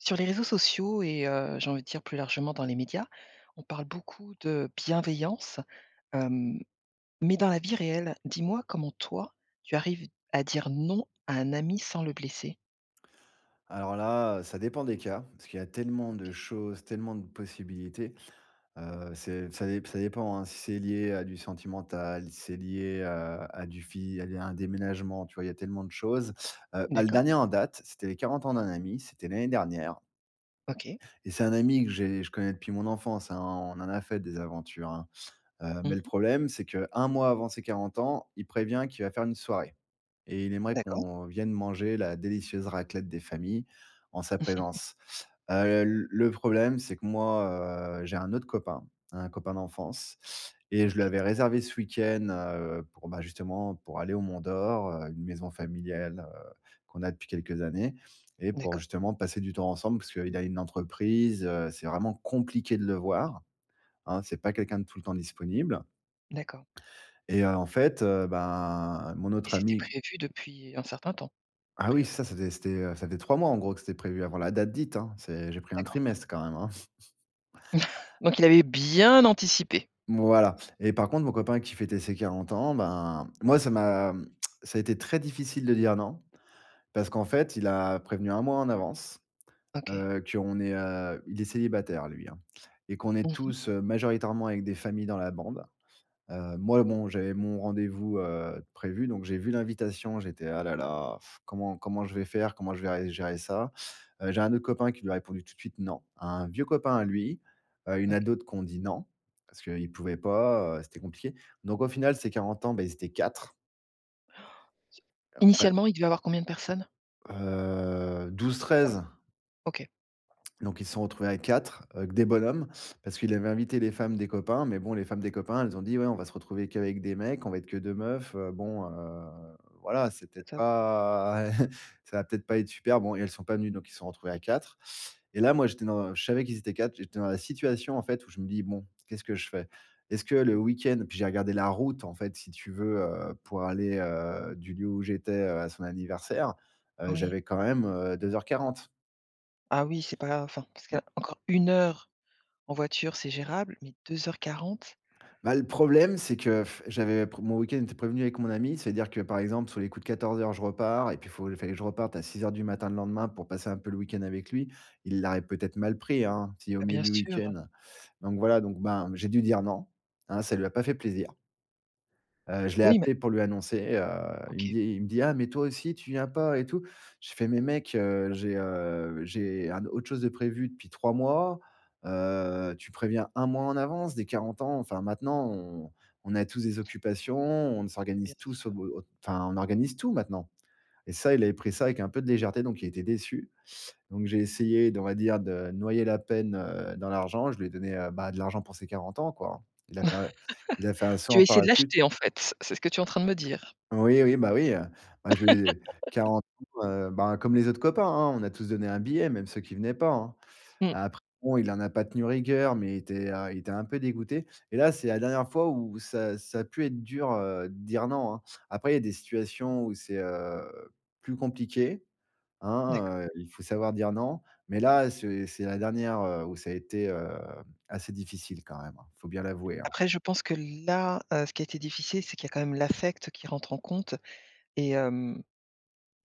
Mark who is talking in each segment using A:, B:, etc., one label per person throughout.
A: Sur les réseaux sociaux et heu, j'ai envie de dire plus largement dans les médias, on parle beaucoup de bienveillance, hem, mais dans la vie réelle, dis-moi comment toi tu arrives à dire non à un ami sans le blesser?
B: Alors là, heu, ça dépend des cas parce qu'il y a tellement de
A: OK.
B: choses, tellement de possibilités. Heu, c'est ça dép ça dépend hein, si c'est lié à du sentimental, c'est lié à à du fi à à un déménagement, tu vois? Il y a tellement de choses. Heu, bah le
A: D'accord.
B: dernier en date, c'était les 40 ans d'un ami, c'était l'année dernière
A: OK.
B: et c'est un ami que j'ai je connais depuis mon enfance hein, on en a fait des aventures hein. Heu,
A: Mmh
B: mais le
A: mh.
B: problème, c'est qu'un mois avant ses 40 ans, il prévient qu'il va faire une soirée et il aimerait
A: D'accord.
B: qu'on vienne manger la délicieuse raclette des familles en sa présence. Heu l le problème, c'est que moi, heu, j'ai un autre copain, un copain d'enfance et je lui
A: OK.
B: avais réservé ce week-end. Heu, pour bah justement pour aller au mont d'or heu, une maison familiale, heu, qu'on a depuis quelques années. Et pour
A: D'accord.
B: justement passer du temps ensemble, parce qu'il a une entreprise, heu, c'est vraiment compliqué de le voir, hein. C'est pas quelqu'un de tout le temps disponible
A: D'accord.
B: et, heu, en fait, heu, bah mon
A: Et
B: autre
A: c'était
B: ami
A: prévu depuis un certain temps à
B: Ah oui
A: priori?
B: ça c'était c'était heu, ça faisait 3 mois en gros que c'était prévu, avant la date dite hein. C'est j'ai pris un
A: D'accord.
B: trimestre quand même hein.
A: Donc il avait bien anticipé.
B: Voilà. Et par contre, mon copain qui fêtait ses 40 ans, bah, moi, ça m'a ça a été très difficile de dire non, parce qu'en fait, il a prévenu 1 mois en avance.
A: OK.
B: Heu, qu'on est heu il est célibataire lui hein et qu'on est
A: Mmh mh.
B: tous, heu, majoritairement avec des familles dans la bande. Heu, moi, bon, j'avais mon rendez-vous, heu, de prévu, donc j'ai vu l'invitation, j'étais: «Ah là là comment comment je vais faire? Comment je vais vais gérer ça?» heu, j'ai un autre copain qui lui a répondu tout de suite non, un vieux copain à lui, heu, il y en
A: OK.
B: a d'autres qui ont dit non parce qu'ils pouvaient pas, heu, c'était compliqué. Donc au final ces 40 ans, bah ils étaient 4 et après
A: Initialement il devait avoir combien de personnes?
B: Heu, 12-13.
A: OK.
B: Donc ils se sont retrouvés à 4 avec des bonhommes, parce qu'il avait invité les femmes des copains, mais bon les femmes des copains, elles ont dit ouais on va se retrouver qu'avec des mecs, on va être que 2 meufs, heu. Bon heu voilà, c'est
A: Pas
B: peut-être
A: top quoi.
B: pas ça va peut-être pas être super. Bon et elles sont pas venues donc ils se sont retrouvées à 4. Et là moi j'étais dans je savais qu'ils étaient 4, j'étais dans la situation en fait où je me dis: «Bon qu'est-ce que je fais? Est-ce que le week-end» puis j'ai regardé la route en fait si tu veux, heu, pour aller, heu, du lieu où j'étais, à son anniversaire, heu,
A: Oui.
B: j'avais quand même heu 2:40.
A: Ah oui c'est pas enfin, parce que
B: [unintelligible]
A: encore 1 heure en voiture, c'est gérable, mais 2:40.
B: Bah, le problème c'est que j'avais p mon week-end était prévenu avec mon ami, c'est-à-dire que, par exemple, sur les coups de 14:00, je repars et puis, il faut il fallait que je reparte à 6:00 du matin, le lendemain, pour passer un peu le week-end avec lui. Il l'aurait, peut-être, mal pris, hein, s'il est au
A: Bah,
B: milieu
A: bien
B: du
A: sûr.
B: week-end. Donc voilà, donc, ben, j'ai dû dire non, hein, ça lui a pas fait plaisir. Heu, je l'ai
A: Oui, mais
B: appelé pour lui annoncer, heu, il me
A: OK.
B: dit il me dit: «Ah, mais toi aussi tu viens pas et tout». Je fais: «Mais mec, heu, j'ai, heu, j'ai un autre chose de prévu depuis 3 mois, heu, tu préviens 1 mois en avance, des 40 ans enfin, maintenant, on on a tous des occupations, on
A: Bah, bien
B: s'organise tous au
A: sûr.
B: b enfin, on organise tout maintenant» et ça, il avait pris ça avec un peu de légèreté, donc il était déçu. Donc j'ai essayé de, on va dire, de noyer la peine, heu, dans l'argent, je lui ai donné, heu, bah, de l'argent pour ses 40 ans, quoi. Il a pas il a fait un saut
A: Tu as
B: en
A: essayé de
B: parachute.
A: l'acheter, en fait? C'est ce que tu es en train de me dire.
B: Oui, oui, bah, oui, heu, bah, je lui ai 40 ans, heu, ben, comme les autres copains, hein, on a tous donné un billet même ceux qui venaient pas, hein. Heu,
A: Mmh.
B: après bon, heu, il en a pas tenu rigueur, mais il était, heu, il était un peu dégoûté. Et là, c'est la dernière fois où ça ça a pu être dur, heu, de dire non, hein. Après, il y a des situations où c'est, heu, plus compliqué, hein,
A: D'accord.
B: heu. Il faut savoir dire non, mais là, c'est c'est la dernière, heu, où ça a été, heu, assez difficile quand même, hein. Faut bien l'avouer, hein.
A: Après, je pense que là, heu, ce qui a été difficile c'est qu'il y a quand même l'affect qui rentre en compte et hem,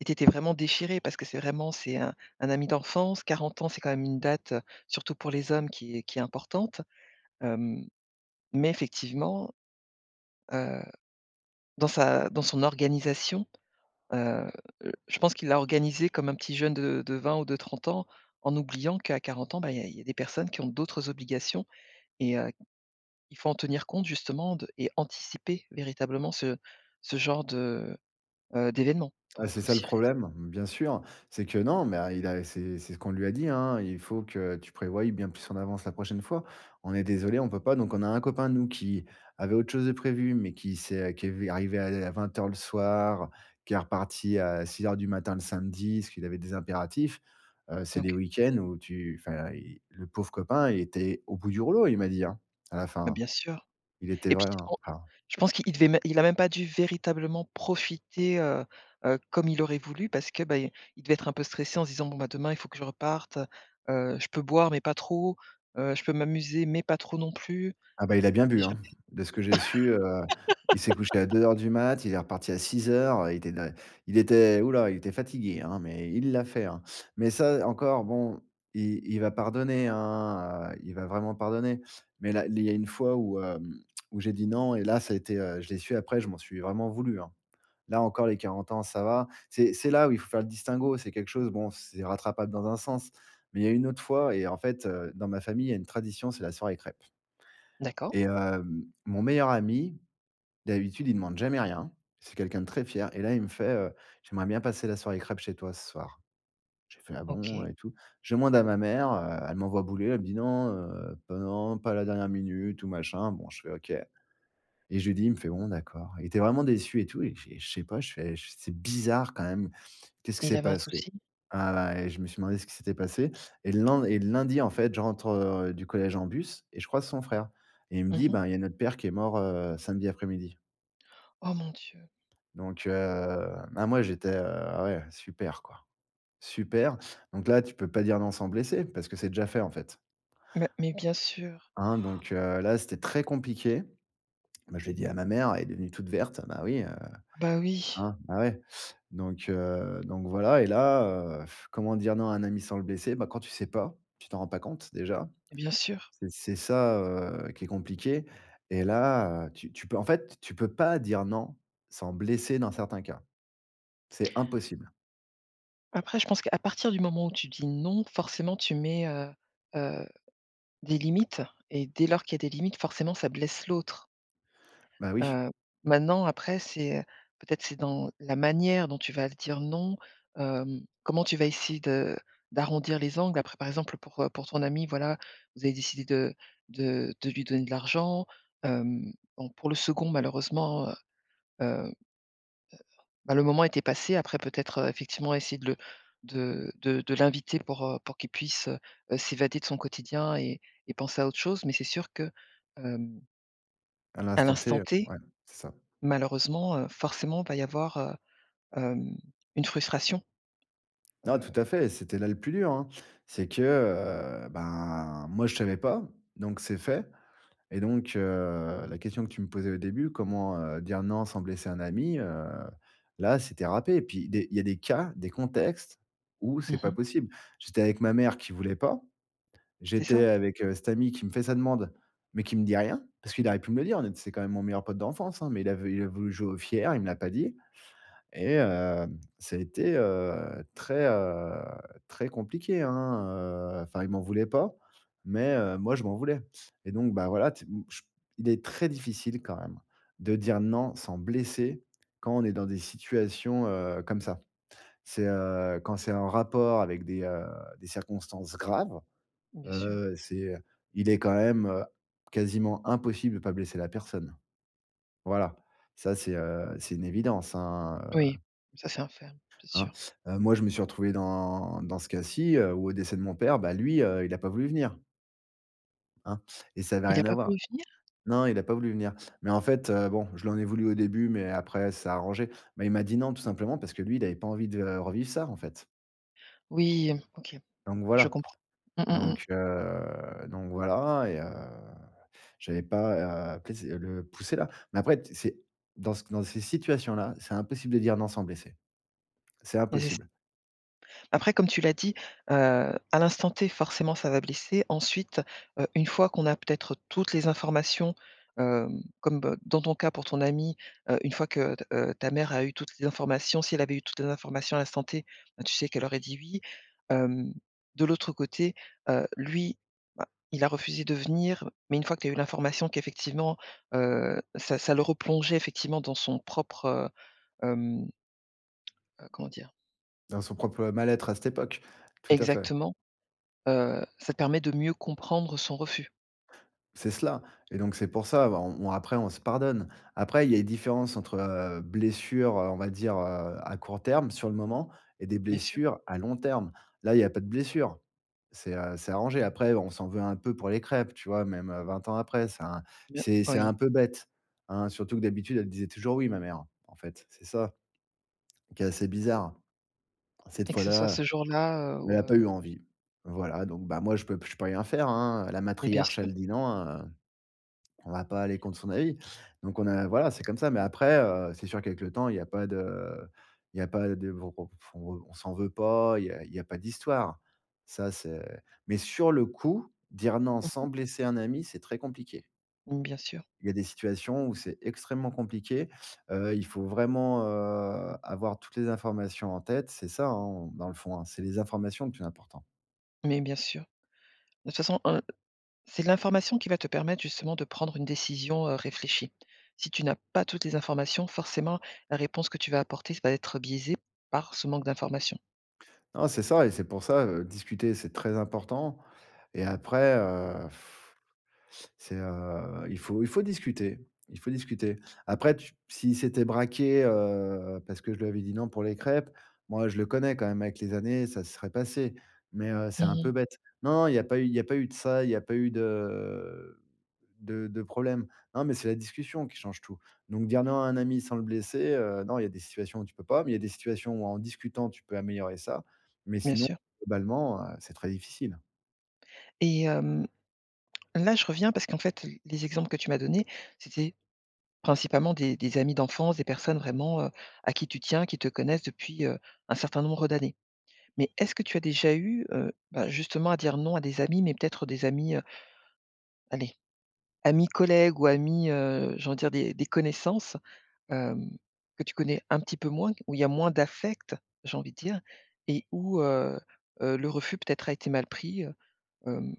A: et tu étais vraiment déchiré, parce que c'est vraiment c'est un un ami d'enfance. 40 ans, c'est quand même une date, surtout pour les hommes, qui est qui est importante. Hem, mais effectivement, heu, dans sa dans son organisation, heu, heu, je pense qu'il l'a organisé comme un petit jeune de de 20 ou de 30 ans, en oubliant qu'à 40 ans bah, il y a il y a des personnes qui ont d'autres obligations et heu, il faut en tenir compte, justement, de et anticiper, véritablement, ce ce genre de, heu, d'événement
B: Ah,
A: pour
B: c'est
A: être
B: ça le
A: sûr que
B: problème, mais bien sûr. C'est que non, mais il a c'est c'est ce qu'on lui a dit, hein: «Il faut que tu prévoies bien plus en avance la prochaine fois. On est désolés, on peut pas». Donc on a un copain à nous, qui avait autre chose de prévu, mais qui s'est qui est lui arrivé à à 20:00 le soir, heu, qui est reparti à 6:00 du matin, le samedi, parce qu'il avait des impératifs. Heu, c'est des
A: OK.
B: week-ends où tu enfin, il le pauvre copain, il était au bout du rouleau, il m'a dit, hein, à la fin,
A: Bah,
B: hein,
A: bien sûr
B: il était
A: et puis
B: vraiment
A: en
B: enfin.
A: je pense qu'il il devait même il a même pas dû, véritablement, profiter, heu, heu, comme il aurait voulu parce que, ben, il devait être un peu stressé en disant: «Bon, bah, demain il faut que je reparte, heu, je peux boire mais pas trop, heu, je peux m'amuser mais pas trop non plus.
B: Ah, bah, il a bien
A: [unintelligible] jamais».
B: bu, hein, de ce que j'ai su, heu, il s'est couché à 2:00 du mat, il est reparti à 6:00, il était da il était ouh là, il était fatigué, hein, mais il l'a fait, hein. Mais ça encore, bon, il il va pardonner, hein, heu, il va vraiment pardonner. Mais là il y a une fois où, heu, où j'ai dit non et là, ça a été, heu je l'ai su après, je m'en suis vraiment voulu, hein. Là encore, les 40 ans, ça va. C'est c'est là où il faut faire le distinguo, c'est quelque chose, bon, c'est rattrapable dans un sens, mais il y a une autre fois et en fait, heu, dans ma famille, il y a une tradition, c'est la soirée crêpes.
A: D'accord.
B: Et hem, mon meilleur ami, d'habitude il demande jamais rien, c'est quelqu'un de très fier et là, il me fait, heu: «J'aimerais bien passer la soirée crêpes chez toi ce soir». J'ai fait: «Ah bon?»
A: OK.
B: et tout. Je demande à ma mère, heu, elle m'envoie bouler, elle me dit: «Non, heu, pas non, pas à la dernière minute ou machin», bon, je fais: «OK» et je lui dis, il me fait: «Bon, d'accord». Il était vraiment déçu et tout et puis, je sais pas, je fais: «C'est bizarre quand même, qu'est-ce qui
A: Mais il
B: s'est
A: avait un
B: passé?»
A: soucis?
B: heu, ben, et je me suis demandé ce qui s'était passé et len et le lundi, en fait, je rentre, heu, du collège en bus et je croise son frère et il me
A: Mmh
B: dit:
A: mh.
B: «Ben, il y a notre père qui est mort, heu, samedi après-midi».
A: Oh mon Dieu!
B: Donc, heu, ben, moi j'étais, heu: «Ah ouais, super quoi, super». Donc là tu peux pas dire non sans blesser, parce que c'est déjà fait, en fait.
A: Mais mais bien sûr.
B: Hein, donc, heu, là c'était très compliqué. Moi je l'ai dit à ma mère, elle est devenue toute verte, bah, oui, heu,
A: Bah oui.
B: hein, bah, ouais. Donc, heu, donc voilà et là, heu, comment dire non à un ami sans le blesser, bah, quand tu sais pas, tu t'en rends pas compte, déjà.
A: Mais bien sûr.
B: C'est c'est ça, heu, qui est compliqué et là, heu, tu tu peux, en fait, tu peux pas dire non sans blesser, dans certains cas. C'est impossible.
A: Après je pense qu'à partir du moment où tu dis non, forcément tu mets, heu, heu, des limites et dès lors qu'il y a des limites, forcément, ça blesse l'autre.
B: Bah oui.
A: Heu, maintenant, après c'est, heu, peut-être, c'est dans la manière dont tu vas le dire, non, heu, comment tu vas essayer de d'arrondir les angles après, par exemple, pour, heu, pour ton ami voilà, vous avez décidé de de de lui donner de l'argent. Hem, bon, pour le 2d malheureusement, heu, heu, bah le moment était passé, après, peut-être, heu, effectivement, essayer de le de de de l'inviter pour, heu, pour qu'il puisse, heu heu, s'évader de son quotidien et et penser à autre chose, mais c'est sûr que hem
B: À
A: à
B: l'instant T,
A: l'instant
B: heu,
A: T,
B: ouais, c'est ça.
A: malheureusement, heu, forcément, il va y avoir, heu, hem une frustration.
B: Non, tout
A: Heu.
B: à fait, c'était là le plus dur, hein. C'est que, heu, ben, moi je savais pas, donc c'est fait. Et donc, heu, la question que tu me posais au début, comment, heu, dire non sans blesser un ami? Heu, là, c'était râpé. Et puis des il y a des cas, des contextes où c'est
A: Mmh
B: pas
A: mh.
B: possible. J'étais avec ma mère qui voulait pas,
A: C'est
B: j'étais
A: ça.
B: avec, heu, cet ami qui me fait sa demande, mais qui me dit rien. Parce qu'il aurait pu me le dire de c'est quand même mon meilleur pote d'enfance, hein, mais il a vou il a voulu jouer au fier, il me l'a pas dit et heu, ça a été, heu, très, heu, très compliqué, hein, heu enfin, il m'en voulait pas, mais, heu, moi je m'en voulais. Et donc, bah, voilà, tu ch o il est très difficile, quand même, de dire non sans blesser, quand on est dans des situations, heu, comme ça. C'est, heu, quand c'est en rapport avec des, heu, des circonstances graves,
A: Bien sûr.
B: heu, c'est il est quand même, heu, quasiment impossible de pas blesser la personne. Voilà, ça c'est, heu, c'est une évidence, hein,
A: Oui,
B: heu
A: ça c'est un fait, bien
B: hein,
A: sûr.
B: moi je me suis retrouvé dans dans ce cas-ci, heu, où au décès de mon père, bah, lui, heu, il a pas voulu venir hein et ça avait
A: Il a
B: rien à
A: pas
B: voir.
A: voulu venir?
B: Non il a pas voulu venir. Mais en fait, heu, bon, je lui en ai voulu au début, mais après ça s'est arrangé. Mais il m'a dit non, tout simplement parce que lui il avait pas envie de revivre ça, en fait
A: Oui, OK,
B: donc
A: je
B: voilà,
A: comprends. Mmh mh
B: donc,
A: mh.
B: heu, donc voilà et heu, j'avais pas à [unintelligible] le pousser là. Mais après, c'est dans dans ces situations-là, c'est impossible de dire non sans blesser. C'est
A: Mais c'est ça.
B: impossible.
A: Après, comme tu l'as dit, heu, à l'instant T, forcément, ça va blesser. Ensuite, heu, une fois qu'on a peut-être toutes les informations, heu, comme dans ton cas pour ton ami, heu, une fois que, heu, heu, ta mère a eu toutes les informations, si elle avait eu toutes les informations à l'instant T, ben, tu sais qu'elle aurait dit oui. Hem, de l'autre côté, heu, lui, bah, il a refusé de venir, mais une fois que tu as eu l'information qu'effectivement, heu, ça ça le replongeait, effectivement, dans son propre hem heu, comment dire?
B: Dans son propre mal-être à cette époque. Tout à fait.
A: Exactement, heu, ça te permet de mieux comprendre son refus.
B: C'est cela et donc c'est pour ça, bon on après on se pardonne. Après, il y a une différence entre, heu, blessures, heu, on va dire, heu, à court terme, sur le moment et des
A: Bien sûr.
B: blessures à long terme. Là, il y a pas de blessures, c'est, heu, c'est arrangé. Après, on s'en veut un peu pour les crêpes, tu vois? Même 20 ans après, c'est un
A: Bien
B: c'est un
A: oui.
B: peu bête, hein. Surtout que, d'habitude, elle disait toujours oui ma mère, en fait, c'est ça, qui est assez bizarre. Cette
A: Et que ce soit
B: fois-là,
A: ce jour-là,
B: elle
A: où,
B: a pas
A: heu.
B: eu envie. Voilà, donc, bah, moi je peux p je peux rien faire, hein, la
A: Mais bien
B: matriarche
A: sûr.
B: elle dit non, heu, on va pas aller contre son avis. Donc on a voilà, c'est comme ça, mais après, heu, c'est sûr, quelques temps il y a pas de il y a pas de [unintelligible] on, heu, on s'en veut pas, il y a il y a pas d'histoire. Ça c'est mais sur le coup, dire non
A: Mmh mh.
B: sans blesser un ami, c'est très compliqué.
A: Mmh bien sûr.
B: Il y a des situations où c'est extrêmement compliqué. Heu, il faut vraiment, heu, avoir toutes les informations en tête, c'est ça hein, dans le fond hein, c'est les informations le plus important.
A: Mais bien sûr. De toute façon, heu, c'est l'information qui va te permettre justement de prendre une décision, heu, réfléchie. Si tu n'as pas toutes les informations, forcément la réponse que tu vas apporter ça va être biaisé par ce manque d'information.
B: Non, c'est ça et c'est pour ça, heu, discuter c'est très important et après, heu, c'est, heu, il faut il faut discuter il faut discuter. Après tu s'il s'était braqué, heu, parce que je lui avais dit: «Non» pour les crêpes, moi je le connais quand même avec les années, ça serait passé, mais, heu,
A: Mmh
B: c'est un peu
A: mh.
B: bête. Non, non, il y a pas eu il a pas eu de ça, il y a pas eu de de de problèmes. Non, mais c'est la discussion qui change tout. Donc, dire non un ami sans le blesser heu, non, il y a des situations où tu peux pas, mais il y a des situations où en discutant tu peux améliorer ça. Mais
A: Bien
B: sinon
A: sûr.
B: globalement, heu, c'est très difficile, hein.
A: Et hem, là je reviens parce qu'en fait l les exemples que tu m'as donnés c'était principalement des des amis d'enfance, des personnes vraiment, heu, à qui tu tiens, qui te connaissent depuis, heu, un certain nombre d'années. Mais est-ce que tu as déjà eu, heu, bah justement à dire non à des amis, mais peut-être des amis, heu allez amis collègues ou amis, heu, j'ai envie de dire des des connaissances, hem, que tu connais un petit peu moins, où il y a moins d'affects j'ai envie dire, et où, heu heu, le refus peut-être a été mal pris, heu, hem.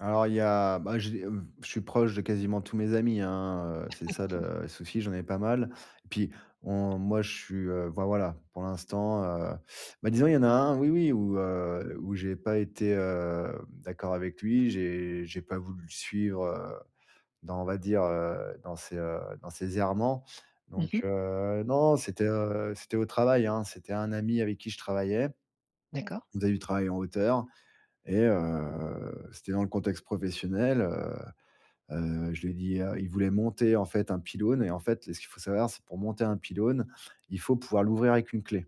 B: Alors, il y a bah, j'ai, mmh, je suis proche de quasiment tous mes amis, hein. Heu, c'est ça le souci, j'en ai pas mal. Puis on moi, je suis, heu enfin voilà, pour l'instant, heu bah disons, il y en a un, oui, oui, où, heu, où j'ai pas été hem, d'accord avec lui. J'ai j'ai pas voulu le suivre, heu, dans, on va dire, heu, dans ses heu, dans ses errements.
A: Mmh
B: Donc,
A: mh.
B: heu, non, non, c'était, heu, c'était au travail, hein. C'était un ami avec qui je travaillais.
A: D'accord.
B: On faisait du travail en hauteur et, heu, c'était dans le contexte professionnel. Heu, heu, je lui ai dit, heu il voulait monter, en fait, un pylône et, en fait, ce qu'il faut savoir, c'est que, pour monter un pylône, il faut pouvoir l'ouvrir avec une clé.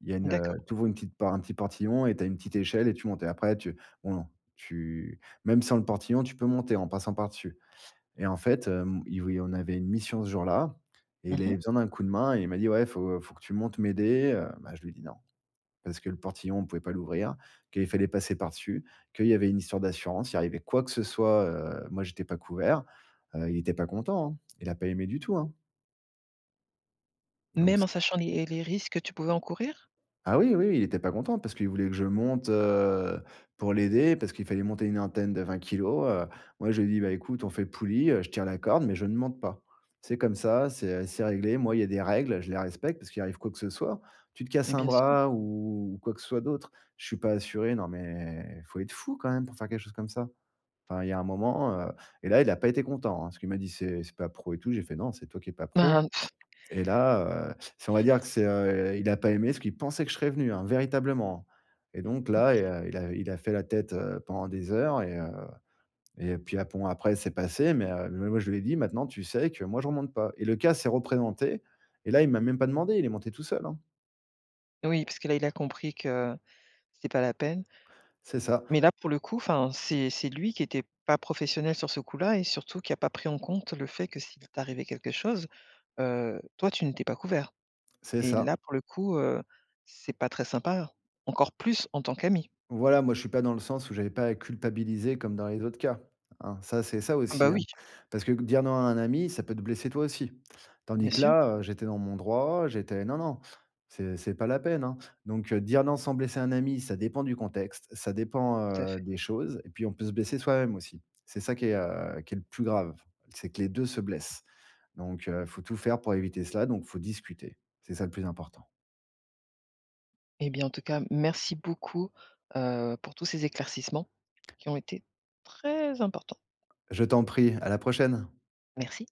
B: Il y a une,
A: D'accord.
B: heu tu ouvres une petite part un petit portillon et tu as une petite échelle et tu montes. Et après, tu non, non, tu même sans le portillon, tu peux monter en passant par dessus. Et en fait, hem, il v il on avait une mission ce jour-là, et il
A: Mmh
B: avait
A: mh.
B: besoin d'un coup de main, et il m'a dit: «Ouais, il faut il faut que tu montes m'aider, heu». Bah je lui ai dit non. Parce que le portillon, on pouvait pas l'ouvrir, qu'il fallait passer par-dessus, qu'il y avait une histoire d'assurance. Il arrivait quoi que ce soit, heu, moi j'étais pas couvert, heu. Il était pas content, hein, il a pas aimé du tout, hein. Donc
A: Même
B: c
A: en sachant les les risques que tu pouvais encourir?
B: Ah oui, oui, oui, il était pas content parce qu'il voulait que je monte, heu, pour l'aider, parce qu'il fallait monter une antenne de 20 kilos, heu. Moi, je lui ai dit: «Bah écoute, on fait poulie, heu, je tiens la corde, mais je ne monte pas». C'est comme ça, c'est, heu, c'est réglé. Moi, il y a des règles, je les respecte parce qu'il arrive quoi que ce soit. Tu te
A: Mais
B: casses un
A: bien sûr.
B: bras ou quoi que ce soit d'autre, je suis pas assuré, non. Mais il faut être fou, quand même, pour faire quelque chose comme ça! Enfin, il y a un moment, heu et là, il a pas été content, hein. Parce qu'il m'a dit: «C'est c'est pas pro et tout». J'ai fait: «Non, c'est toi qui es pas pro.»
A: Ah,
B: et là, heu si on va dire que c'est, heu, il a pas aimé parce qu'il pensait que je serais venu, hein, véritablement. Et donc là, il
A: OK.
B: a il a il a fait la tête, heu, pendant des heures et, heu, et puis, heu, bon, après, c'est passé mais, heu, moi, je lui ai dit: «Maintenant, tu sais que moi, je remonte pas». Et le cas s'est représenté et là, il m'a même pas demandé, il est monté tout seul, hein.
A: Oui, parce que là, il a compris que c'était pas la peine.
B: C'est ça.
A: Mais là, pour le coup, enfin, c'est c'est lui qui était pas professionnel sur ce coup-là, et surtout qui a pas pris en compte le fait que, s'il t'arrivait quelque chose, heu, toi, tu n'étais pas couvert.
B: C'est
A: Et
B: ça.
A: là, pour le coup, heu, c'est pas très sympa, encore plus en tant qu'ami.
B: Voilà. Moi je suis pas dans le sens où j'avais pas à culpabiliser comme dans les autres cas, hein. Ça, c'est ça,
A: Bah,
B: aussi, hein.
A: oui.
B: Parce que dire non à un ami, ça peut te blesser toi aussi. Tandis
A: Bien
B: que
A: sûr.
B: là, heu, j'étais dans mon droit. J'étais non, non, c'est c'est pas la peine, hein. Donc, heu, dire non sans blesser un ami, ça dépend du contexte, ça dépend,
A: Tout à
B: heu,
A: fait.
B: des choses, et puis, on peut se blesser soi-même aussi. C'est ça qui est, heu, qui est le plus grave, c'est que les 2 se blessent. Donc, heu, il faut tout faire pour éviter cela, donc il faut discuter. C'est ça le plus important.
A: Eh bien, en tout cas, merci beaucoup, heu, pour tout ces éclaircissements qui ont été très importants.
B: Je t'en prie, à la prochaine.
A: Merci.